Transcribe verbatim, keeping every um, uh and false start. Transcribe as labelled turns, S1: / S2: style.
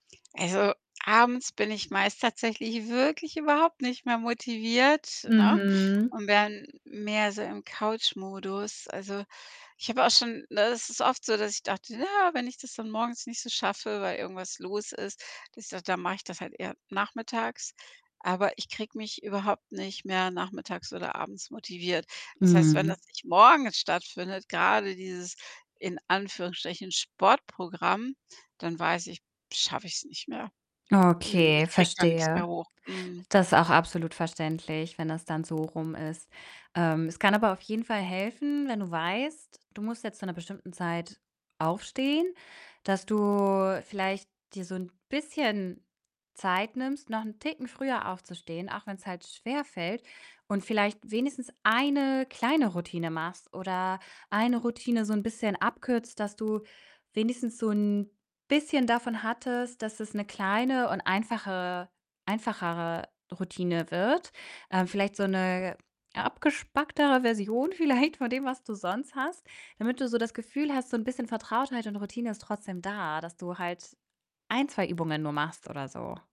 S1: Also, abends bin ich meist tatsächlich wirklich überhaupt nicht mehr motiviert, ne,
S2: Mhm.
S1: und wäre mehr so im Couchmodus. Also ich habe auch schon ne, es ist oft so, dass ich dachte: „Na ja, wenn ich das dann morgens nicht so schaffe, weil irgendwas los ist, dass i dann mach ich das halt eher nachmittags.“ Aber ich kriege mich überhaupt nicht mehr nachmittags oder abends motiviert. Das heißt, wenn
S2: Mhm.
S1: das nicht morgens stattfindet, grade dieses in Anführungsstrichen Sportprogramm, dann weiß ich, schaffe ich's nicht mehr. Mhm.
S2: Okay,
S1: Ich kriege da nix mehr
S2: verstehe.
S1: hoch. Mhm.
S2: Das ist auch absolut verständlich, wenn das dann so rum ist. Ähm, es kann aber auf jeden Fall helfen, wenn du weißt, du musst jetzt zu 'ner bestimmten Zeit aufstehen, dass du vielleicht dir so 'n bisschen Zeit nimmst, noch 'n Ticken früher aufzustehen, auch wenn's halt schwerfällt, und vielleicht wenigstens eine kleine Routine machst oder eine Routine so 'n bisschen abkürzt, dass du wenigstens so 'n bisschen davon hattest, dass es 'ne kleine und einfache einfachere Routine wird. Ähm, vielleicht so 'ne abgespacktere Version vielleicht von dem, was du sonst hast, damit du so das Gefühl hast, so 'n bisschen Vertrautheit und Routine ist trotzdem da, dass du halt ein, zwei Übungen nur machst oder so.